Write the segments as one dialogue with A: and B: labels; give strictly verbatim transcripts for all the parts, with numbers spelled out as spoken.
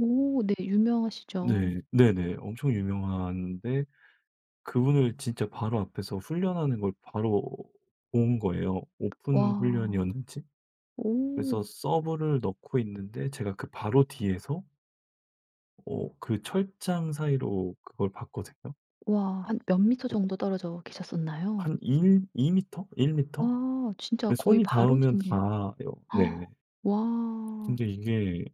A: 오 네. 유명하시죠.
B: 네 네네. 엄청 유명한데 그분을 진짜 바로 앞에서 훈련하는 걸 바로 본 거예요. 오픈
A: 와.
B: 훈련이었는지. 그래서
A: 오.
B: 서브를 넣고 있는데 제가 그 바로 뒤에서 어 그 철장 사이로 그걸 봤거든요.
A: 와 한 몇 미터
B: 어.
A: 정도 떨어져 계셨었나요?
B: 한 일 이 미터 일 미터?
A: 아 진짜
B: 이
A: 거의
B: 손이
A: 바로
B: 닿으면
A: 뒨데요.
B: 닿아요. 네.
A: 와.
B: 근데 이게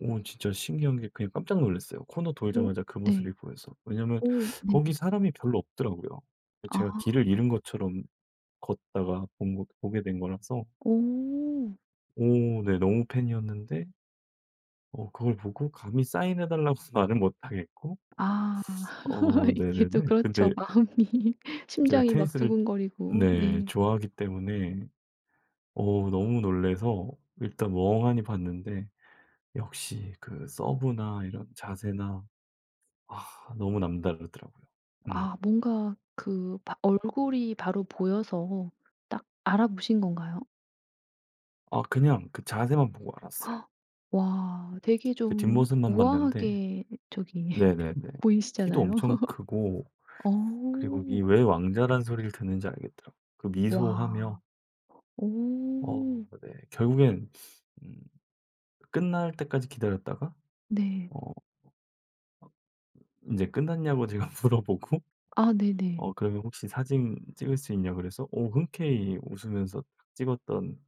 B: 어 진짜 신기한 게 그냥 깜짝 놀랐어요. 코너
A: 어
B: 돌자마자 그
A: 네.
B: 모습이 보여서. 왜냐면
A: 어
B: 거기
A: 네네.
B: 사람이 별로 없더라고요. 그 제가
A: 아.
B: 길을 잃은 것처럼 걷다가 본 거 보게 된 거라서.
A: 어.
B: 오 네 너무 팬이었는데 어 그걸 보고 감히 사인해 달라고 말은 못 하겠고.
A: 아.
B: 어
A: 이게 또
B: 네네네. 근데
A: 그렇죠 마음이.
B: 제가
A: 심장이 막
B: 테니스를
A: 두근거리고.
B: 네
A: 네.
B: 좋아하기 때문에 어 너무 놀래서 일단 멍하니 봤는데 역시 그 서브나 이런 자세나 아 너무 남다르더라고요.
A: 아
B: 음.
A: 뭔가 그 바 얼굴이 바로 보여서 딱 알아보신 건가요?
B: 아 그냥 그 자세만 보고 알았어요.
A: 와 되게
B: 그
A: 좀
B: 뒷모습만 봤는데
A: 우아하게 저기
B: 네네네 키도
A: 보이시잖아요.
B: 엄청 크고
A: 어.
B: 그리고 이 왜 왕자라는 소리를 듣는지 알겠더라고 그 미소하며.
A: 와.
B: 어
A: 오.
B: 네. 결국엔 음 끝날 때까지 기다렸다가
A: 네.
B: 어 인제 끝났냐고 제가 물어보고
A: 아 네네.
B: 어 그러면 혹시 사진 찍을 수 있냐 그래서 어 흔쾌히 웃으면서 막 찍었던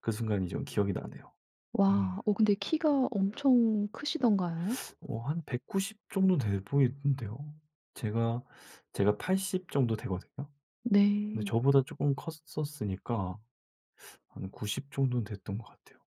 B: 그 순간이 좀 기억이 나네요. 음.
A: 와 어 근데 키가 엄청 크시던가요?
B: 어 한 백구십 정도 돼 보이던데요. 제가 제가 팔십 정도 되거든요. 근데
A: 네.
B: 저보다 쪼끔 컸었으니까 한 구십 정도는 됐던 것 같아요.